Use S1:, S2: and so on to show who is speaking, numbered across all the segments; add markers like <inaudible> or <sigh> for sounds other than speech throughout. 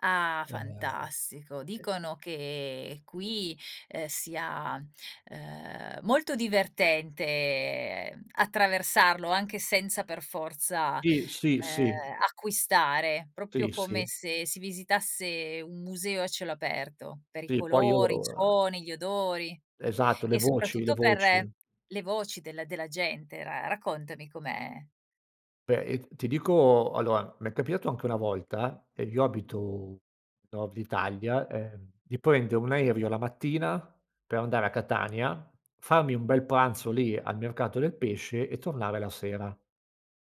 S1: Ah, fantastico,
S2: <unintelligible>
S1: dicono che qui, ehm, sia, ehm, molto divertente attraversarlo anche senza per forza,
S2: Tì, sì,
S1: ehm,
S2: sì.
S1: acquistare, proprio
S2: Sì,
S1: come
S2: sì.
S1: se si visitasse un museo a cielo aperto per i
S2: Sì, poi io,
S1: colori, i
S2: ehm
S1: suoni, gli odori
S2: Esatto, le
S1: e
S2: voci, le
S1: soprattutto per
S2: voci.
S1: le voci della della gente. Ra raccontami com'è?
S2: Beh, io ti dico allora, mi è capitato anche una volta, ed io abito nord Italia, ehm, di prendere un aereo la mattina per andare a Catania, farmi un bel pranzo lì al mercato del pesce e tornare la sera.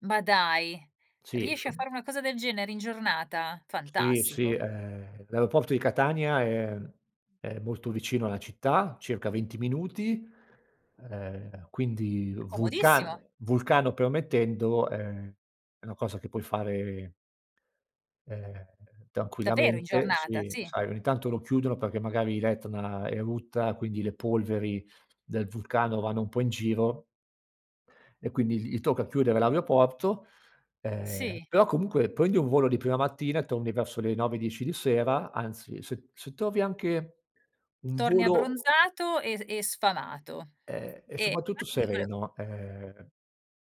S1: Ma dai,
S2: Sì,
S1: riesci a
S2: inso
S1: fare una cosa del genere in giornata?
S2: Sì, sì,
S1: Fantastico.
S2: ehm, l'aeroporto di Catania è mhmm, è molto vicino alla città, circa 20 minuti, ehm, quindi
S1: Comodissimo.
S2: vulcano vulcano permettendo è è una cosa che puoi fare ehm,
S1: Davvero in
S2: tranquillamente
S1: giornata,
S2: si
S1: sì?
S2: sai ogni tanto lo chiudono perché magari l'Etna erutta, quindi le polveri del vulcano vanno un po' in giro e quindi gli tocca chiudere l'aeroporto. Ehm,
S1: Sì.
S2: però comunque prendi un volo di prima mattina e torni verso le 9, 10 di sera, anzi se se trovi anche un
S1: Torni
S2: volo
S1: abbronzato e s e sfamato.
S2: Ehm e
S1: E
S2: soprattutto
S1: infatti io vole
S2: sereno, ehm,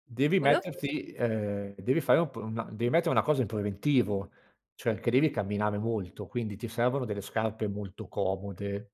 S2: devi
S1: volevo
S2: metterti
S1: chiederti
S2: ehm, devi fare un pr una devi mettere una cosa in preventivo, cioè che devi camminare molto quindi ti servono delle scarpe molto comode.